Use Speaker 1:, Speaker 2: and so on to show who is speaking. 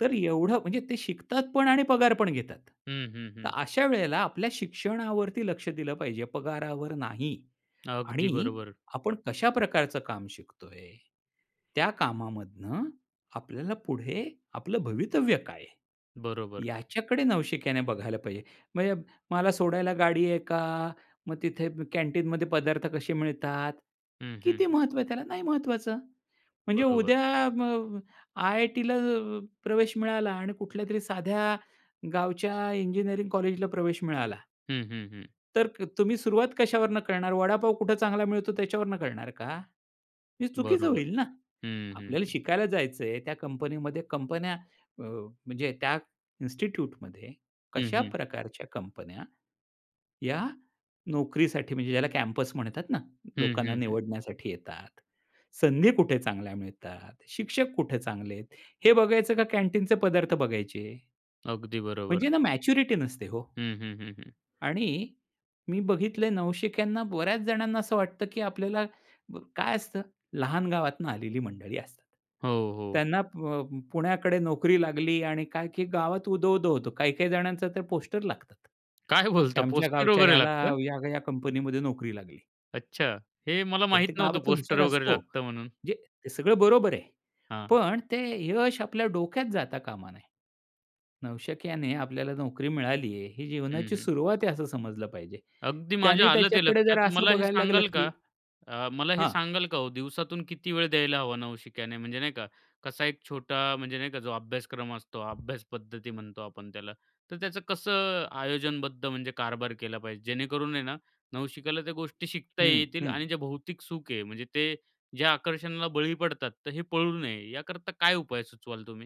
Speaker 1: तर एवढं म्हणजे ते शिकतात पण आणि पगार पण घेतात.
Speaker 2: हं, हं,
Speaker 1: तर
Speaker 2: हं.
Speaker 1: अशा वेळेला आपल्या शिक्षणावरती लक्ष दिलं पाहिजे, पगारावर नाही.
Speaker 2: अगदी
Speaker 1: आणि
Speaker 2: बरोबर.
Speaker 1: आपण कशा प्रकारचं काम शिकतोय, त्या कामामधून आपल्याला पुढे आपलं भवितव्य काय आहे?
Speaker 2: बरोबर.
Speaker 1: याच्याकडे नवशिक्याने बघायला पाहिजे. म्हणजे मला सोडायला गाडी आहे का? मग तिथे कॅन्टीनमध्ये पदार्थ कसे मिळतात?
Speaker 2: हं, हं,
Speaker 1: किती
Speaker 2: हं.
Speaker 1: महत्त्व आहे त्याला, नाही महत्वाचं. म्हणजे
Speaker 2: बरोबर.
Speaker 1: उद्या अ, अ, आय-आय-टीला अ, प्रवेश मिळाला आणि कुठल्यातरी साध्या गावच्या इंजिनिअरिंग कॉलेजला प्रवेश मिळाला.
Speaker 2: हं, हं, हं.
Speaker 1: तर क तुम्ही सुरुवात कशावरून करणार वडापाव कुठं चांगला मिळतो त्याच्यावरून करणार का? हे चुकीचं
Speaker 2: बरोबर.
Speaker 1: होईल ना,
Speaker 2: हं, हं,
Speaker 1: आपल्याला
Speaker 2: हं.
Speaker 1: शिकायला जायचं आहे, त्या कंपनीमध्ये कंपन्या अ, म्हणजे त्या इन्स्टिट्यूटमध्ये
Speaker 2: हं,
Speaker 1: कशा
Speaker 2: हं.
Speaker 1: प्रकारच्या कंपन्या या नोकरीसाठी म्हणजे ज्याला कॅम्पस म्हणतात ना,
Speaker 2: हं,
Speaker 1: लोकांना
Speaker 2: हं, हं.
Speaker 1: निवडण्यासाठी येतात, संधी कुठे चांगल्या मिळतात, शिक्षक कुठे चांगले आहेत, हे बघायचं का कॅन्टीनचे पदार्थ बघायचे?
Speaker 2: अगदी बरोबर.
Speaker 1: म्हणजे ना, मॅच्युरिटी नसते हो.
Speaker 2: हं, हं, हं, हं.
Speaker 1: आणि मी बघितलंय नवशिक्यांना बऱ्याच जणांना असं वाटतं, की आपल्याला ब काय असतं? लहान गावातून आलेली मंडळी असतात.
Speaker 2: हो, हो.
Speaker 1: त्यांना अ, प पुण्याकडे नोकरी लागली आणि काय की गावात उदो, उदो होतो. काही-काही जणांच तर पोस्टर लागतात.
Speaker 2: काय बोलता
Speaker 1: आमच्या
Speaker 2: पोस्टर
Speaker 1: गावच्या
Speaker 2: वगैरे
Speaker 1: ह्याला
Speaker 2: लागतं?
Speaker 1: ह्या-ह्या कंपनीमध्ये नोकरी लागली.
Speaker 2: अच्छा. हे मला
Speaker 1: काय
Speaker 2: माहीत
Speaker 1: ते
Speaker 2: नव्हतं
Speaker 1: गावातला हुशार
Speaker 2: पोस्टर वगैरे
Speaker 1: असतो.
Speaker 2: लागतं म्हणून.
Speaker 1: म्हणजे हे सगळं बरोबर आहे.
Speaker 2: हां.
Speaker 1: पण ते यश आपल्या डोक्यात जाता कामा नये. नवशिक्याने आपल्याला नोकरी मिळाली आहे, ही
Speaker 2: हं,
Speaker 1: जीवनाची
Speaker 2: हं.
Speaker 1: सुरुवात आहे, असं समजलं पाहिजे.
Speaker 2: अगदी माझ्या
Speaker 1: त्याने
Speaker 2: आलं ते
Speaker 1: त्याच्याकडे
Speaker 2: लक्षात.
Speaker 1: जरा असं
Speaker 2: मला हे
Speaker 1: बघायला लागलं
Speaker 2: सांगाल
Speaker 1: की
Speaker 2: का अ, मला हे
Speaker 1: हां.
Speaker 2: सांगाल का हो दिवसातून किती वेळ द्यायला हवा नवशिक्याने, म्हणजे नाही का, कसा एक छोटा म्हणजे नाही का, जो अभ्यासक्रम असतो. अभ्यास पद्धती म्हणतो आपण त्याला. तर त्याचं कसं आयोजनबद्ध म्हणजे कारभार केला पाहिजे? जेणेकरून आहे ना, नवशिक्याला त्या गोष्टी शिकता ही
Speaker 1: हं,
Speaker 2: येतील
Speaker 1: हं.
Speaker 2: आणि जे भौतिक सुख आहे, म्हणजे ते जे आकर्षणाला बळी पडतात, तर हे पडू नये, याकरता काय उपाय सुचवाल तुम्ही?